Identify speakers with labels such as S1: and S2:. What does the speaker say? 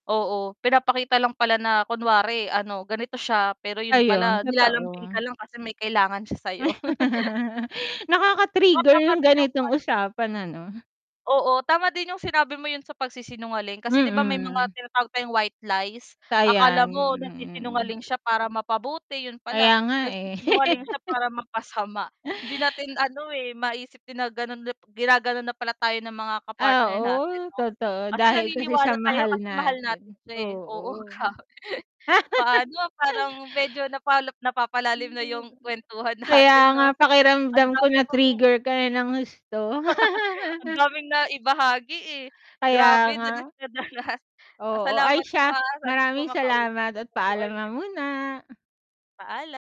S1: Oo, pinapakita lang pala na kunwari, ano, ganito siya, pero yun
S2: Ayun,
S1: pala nilalambing
S2: totoo.
S1: ka lang kasi may kailangan siya sa'yo. O
S2: Nakaka-trigger
S1: tama
S2: yung
S1: din yung,
S2: ganitong
S1: ano
S2: usapan, ano?
S1: Oo, tama din yung sinabi mo yun sa pagsisinungaling, kasi 'di ba may mga
S2: Mhm.
S1: tinatawag tayong white lies. Akala
S2: Sayang,
S1: mo
S2: mhm.
S1: nagsisinungaling siya para mapabuti, yun pala,
S2: Kaya nga, eh.
S1: nagsisinungaling siya para mapasama. Hindi natin ano, eh, maisip din na ganon nap ginaganon na pala tayo ng mga
S2: Ah,
S1: ka-partner natin
S2: oo
S1: 'no.
S2: totoo
S1: Kasi
S2: dahil kasi sa
S1: naniniwala tayo
S2: mahal
S1: kasi mahal natin
S2: natin,
S1: sila eh, oo,
S2: oo.
S1: grabe. Paano parang medyo napalap napapalalim
S2: Feeling
S1: na
S2: ko galit
S1: yung kwentuhan
S2: kaya
S1: natin
S2: nga
S1: 'no, ang
S2: pakiramdam ko
S1: daya pang hmm
S2: na-trigger ka, eh, ng husto.
S1: ang daming naibahagi, eh.
S2: Kaya
S1: Grabe
S2: nga.
S1: danas na danas. Ah,
S2: Oo,
S1: salamat
S2: ay
S1: po,
S2: siya,
S1: ah. Sana po,
S2: maraming
S1: makausap
S2: salamat at
S1: ko po
S2: paalam na
S1: ulit
S2: muna.
S1: Paala